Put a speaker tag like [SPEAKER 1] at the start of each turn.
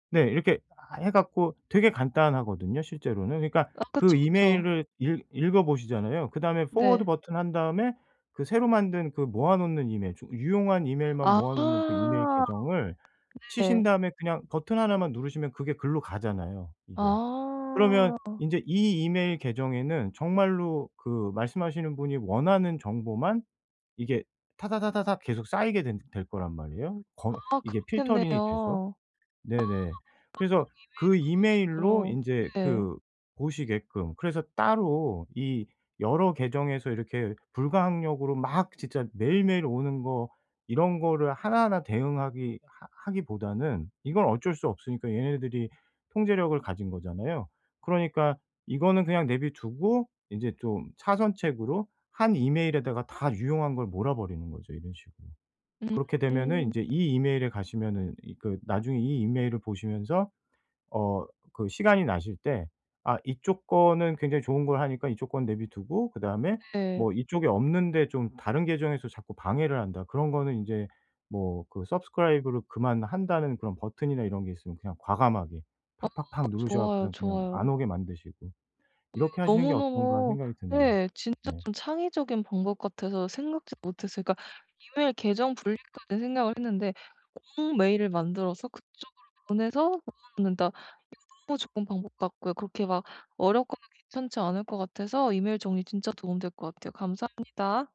[SPEAKER 1] 네 이렇게 하 해 갖고 되게 간단하거든요 실제로는. 그러니까
[SPEAKER 2] 아
[SPEAKER 1] 그
[SPEAKER 2] 그쵸, 그쵸.
[SPEAKER 1] 이메일을 읽 읽어보시잖아요. 그다음에 Forward
[SPEAKER 2] 네.
[SPEAKER 1] 버튼 한 다음에 그 새로 만든 그 모아 놓는 이메일 쪽 유용한 이메일만
[SPEAKER 2] 아.
[SPEAKER 1] 모아 놓은 그 이메일 계정을 치신
[SPEAKER 2] 네.
[SPEAKER 1] 다음에 그냥 버튼 하나만 누르시면 그게 글로 가잖아요 이게. 그러면
[SPEAKER 2] 아.
[SPEAKER 1] 인제 이 이메일 계정에는 정말로 그 말씀하시는 분이 원하는 정보만 이게 타다다다닥 계속 쌓이게 된 될 거란 말이에요 거
[SPEAKER 2] 아 그렇겠네요. 아
[SPEAKER 1] 이게
[SPEAKER 2] 보통
[SPEAKER 1] 필터링이 돼서.
[SPEAKER 2] 이메일을
[SPEAKER 1] 네네. 그래서 그 이메일로
[SPEAKER 2] 그런 식으로
[SPEAKER 1] 인제
[SPEAKER 2] 네.
[SPEAKER 1] 그 보시게끔. 그래서 따로 이 여러 계정에서 이렇게 불가항력으로 막 진짜 매일매일 오는 거 이런 거를 하나하나 대응하기 하 하기보다는 이건 어쩔 수 없으니까 얘네들이 통제력을 가진 거잖아요. 그러니까 이거는 그냥 내비두고 인제 좀 차선책으로 한 이메일에다가 다 유용한 걸 몰아버리는 거죠 이런 식으로. 그렇게 되면은
[SPEAKER 2] 음.
[SPEAKER 1] 인제 이 이메일에 가시면은 이 그 나중에 이 이메일을 보시면서 어 그 시간이 나실 때 아 이쪽 거는 굉장히 좋은 걸 하니까 이쪽 거 내버려두고 그다음에
[SPEAKER 2] 네.
[SPEAKER 1] 뭐 이쪽에 없는데 좀 다른 계정에서 자꾸 방해를 한다. 그런 거는 인제 뭐 그 Subscribe를 그만한다는 그런 버튼이나 이런 게 있으면 그냥 과감하게
[SPEAKER 2] 아
[SPEAKER 1] 팍팍팍 누르셔
[SPEAKER 2] 좋아요,
[SPEAKER 1] 갖고서 그냥, 그냥 안
[SPEAKER 2] 좋아요.
[SPEAKER 1] 오게 만드시고
[SPEAKER 2] 어 이거
[SPEAKER 1] 이렇게 하시는 게 어떤가
[SPEAKER 2] 너무너무
[SPEAKER 1] 생각이 드네요.
[SPEAKER 2] 네 진짜
[SPEAKER 1] 네.
[SPEAKER 2] 좀 창의적인 방법 같아서 생각지도 못했어요. 그러니까 이메일 계정 분리까지 생각을 했는데 업무 메일을 만들어서 그쪽으로 보내서 넣어 놓는다. 이거 너무 좋은 방법 같고요. 그렇게 막 어렵거나 괜찮지 않을 것 같아서 이메일 정리 진짜 도움이 될 것 같아요. 감사합니다.